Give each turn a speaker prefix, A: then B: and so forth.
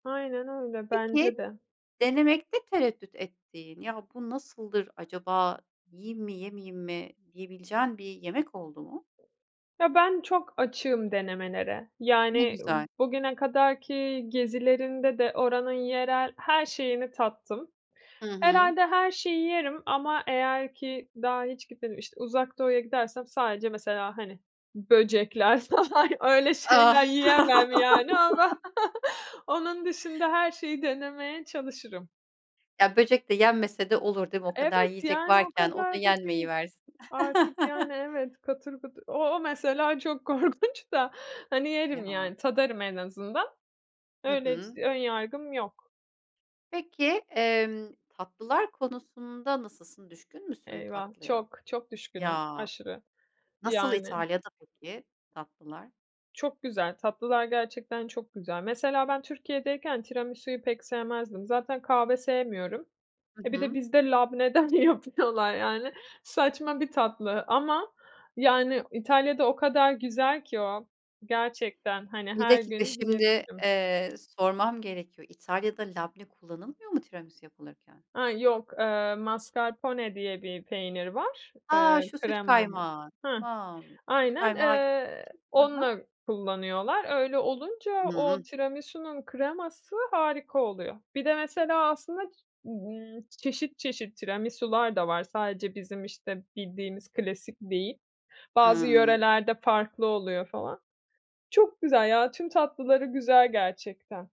A: Aynen öyle, bence
B: Peki,
A: de.
B: denemekte tereddüt ettiğin, ya, bu nasıldır acaba, yiyeyim mi, yemeyeyim mi, diyebileceğin bir yemek oldu mu?
A: Ya, ben çok açığım denemelere,
B: Ne
A: yani,
B: güzel.
A: bugüne kadar ki gezilerimde de oranın yerel her şeyini tattım.
B: Hı hı.
A: Herhâlde her şeyi yerim ama eğer ki, daha hiç gitmedim, işte, Uzak Doğu'ya gidersem sadece mesela, hani, böcekler falan, öyle şeyler yiyemem yani, ama onun dışında her şeyi denemeye çalışırım.
B: Ya, böcek de yenmese de olur, değil mi? O kadar
A: Evet,
B: yiyecek
A: yani, o
B: varken, o da
A: kadar da değil
B: yenmeyiversin.
A: artık, yani, evet, katır kutur, o o mesela çok korkunç da, hani, yerim
B: Ya.
A: yani, tadarım en azından.
B: Hı
A: Öyle, hiç
B: hı.
A: ön yargım yok.
B: Peki, emm, tatlılar konusunda nasılsın? Düşkün müsün
A: Eyvah,
B: tatlıya?
A: çok, çok düşkünüm,
B: Ya,
A: aşırı,
B: nasıl
A: yani.
B: İtalya'da peki tatlılar?
A: Çok güzel, tatlılar gerçekten çok güzel. Mesela ben Türkiye'deyken tiramisuyu pek sevmezdim, zaten kahve sevmiyorum.
B: Hı
A: E, bir de
B: hı.
A: bizde labneden yapıyorlar yani, saçma bir tatlı ama yani İtalya'da o kadar güzel ki o, gerçekten, hani,
B: Bir
A: her
B: dakika
A: gün
B: şimdi,
A: yiyebilirim.
B: eee, sormam gerekiyor, İtalya'da labne kullanılmıyor mu tiramisu yapılırken?
A: A, yok, ııı, mascarpone diye bir peynir var,
B: A!
A: eee,
B: Şu süt
A: kremamız
B: kaymağı,
A: Heh.
B: tamam, süt
A: Aynen,
B: kaymağı gibi
A: eee,
B: bir şey. Hı hı.
A: onunla kullanıyorlar. Öyle olunca
B: Imm ıh.
A: o tiramisunun kreması harika oluyor. Bir de mesela aslında, ımm, çeşit çeşit tiramisular da var, sadece bizim işte bildiğimiz klasik değil, bazı
B: Hıı.
A: yörelerde farklı oluyor falan. Çok güzel ya, tüm tatlıları güzel gerçekten.